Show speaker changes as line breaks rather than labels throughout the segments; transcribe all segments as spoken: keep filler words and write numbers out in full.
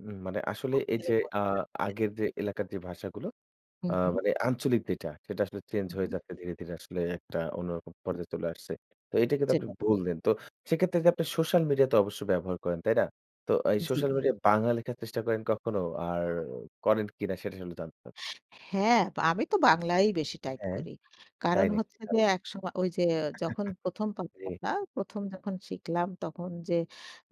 উম! মানে আসলে এই যে আ
[unintelligible]
আগের যে এলাকার যে ভাষাগুলো
হু,
আ
হু।
মানে আঞ্চলিক যেটা সেটা আসলে চেঞ্জ
হু,
হয়ে
হু।
যাচ্ছে ধীরে, ধীরে, আসলে এক টা অন্যরকম পর্যায়ে চলে আসছে। তো এটা কিন্তু আপনি
[unintelligible]
বললেন। তো সেক্ষেত্রে যে আপনি সোশ্যাল মিডিয়া তো অবশ্যই ব্যবহার করেন তাই না? তো এই
জ্বী।
সোশ্যাল মিডিয়া বাংলা লেখার চেষ্টা করেন কখনো? আর করেন কিনা সেটা আসলে জানতে চা
হ্যাঁ, তো আমি তো বাংলায় বেশি টাইপ
হ্যাঁ,
করি।
তাই
কারণ
নাকি
হচ্ছে যে
ভাই।
একসম ওই যে যখন প্রথম
জি।
[unintelligible] প্রথম যখন শিখলাম। তখন যে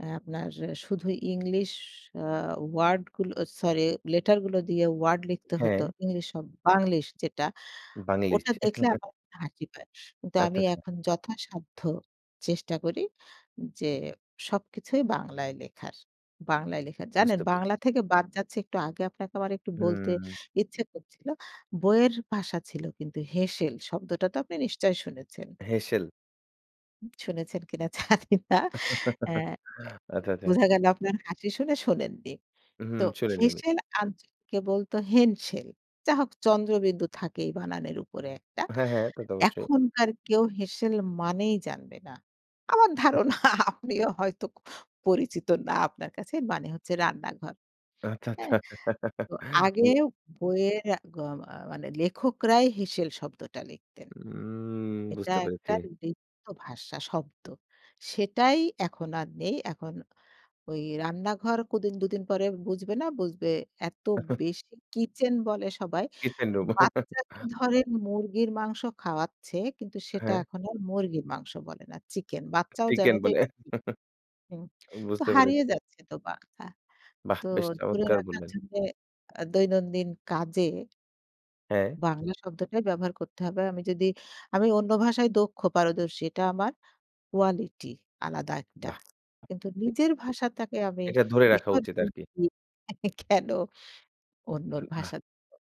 অ্যা আপনার শুধু ইংলিশ অ্যা ওয়ার্ড গুলো সরি লেটার গুলো দিয়ে ওয়ার্ড লিখতে হত।
হ্যাঁ।
ইংলিশ শব বাংলিশ যেটা।
বাংলিশ।
ওটা দেখলে আমার হাসি পায়। কিন্তু আমি
আচ্ছা, আচ্ছা।
এখন যথাসাধ্য চেষ্টা করি যে, সবকিছুই বাংলায় লেখার। বাংলায় লেখার। জানেন
বুঝতে পে
বাংলা থেকে বাদ যাচ্ছি একটু আগে আপনাকে আমার একটু বলতে
হুম।
ইচ্ছে করছিল। বইয়ের ভাষা ছিল কিন্তু হেঁসেল শব্দটা তো আপনি নিশ্চয়ই শুনেছেন।
হেঁসেল।
শুনেছেন কিনা জানি না এ্যা
আচ্ছা, আচ্ছা।
বোঝা গেল আপনার হাসি শুনে শোনেন নি।
হুম
তো
শুনি নি আমি।
হেঁসেল আঞ্চলিকে বলত হেনসেল। যা হোক চন্দ্রবিন্দু থাকেই বানানের উপরে একটা।
হ্যাঁ হ্যাঁ, তা তো অবশ্যই।
এখনকার কেউ হেঁসেল মানেই জানবে না আমার
[unintelligible]
ধারণা আপনিও হয়তো পরিচিত না আপনার কাছে মানে হচ্ছে রান্নাঘর।
আচ্ছা, আচ্ছা।
হ্যাঁ, তো
মানে
আগেও বইয়ের আ গ মা মানে লেখকরাই হেসেল শব্দটা লিখতেন।
উম
এটা
বুঝতে পেরেছি।
একটা লিপ্ত ভাষা শব্দ। সেটাই এখন আর নেই। এখন ওই রান্নাঘর কদিন দুদিন পরে বুঝবে না, বুঝবে এত বেশি কিচেন বলে সবাই।
Kitchen room.
বাচ্চাকে ধরেন মুরগির মাংস খাওয়াচ্ছে। কিন্তু সেটা
হ্যাঁ।
এখন আর মুরগির মাংস বলে না। চিকেন। বাচ্চাও
চিকেন
জানে যে
বলে।
[unintelligible] হুম, তো
বুঝতে
হারিয়ে
পেরেছি।
যাচ্ছে তো বাংলা।
বাহ
তো
বেশ
ধরে
চমৎকার
রাখার
বললেন।
জন্যে আ দৈনন্দিন কাজে
হ্যাঁ।
বাংলা শব্দটাই ব্যবহার করতে হবে। আমি যদি, আমি অন্য ভাষায় দক্ষ পারদর্শী এটা আমার কোয়ালিটি আলাদা একটা
বাহ!
কিন্তু
[unintelligible]
নিজের ভাষাতাকে আমি
এটা ধরে রাখা উচিত
বিসর্জন
আর কি।
[unintelligible] কেন অন্যর
উ! বাহ।
ভাষা [unintelligible]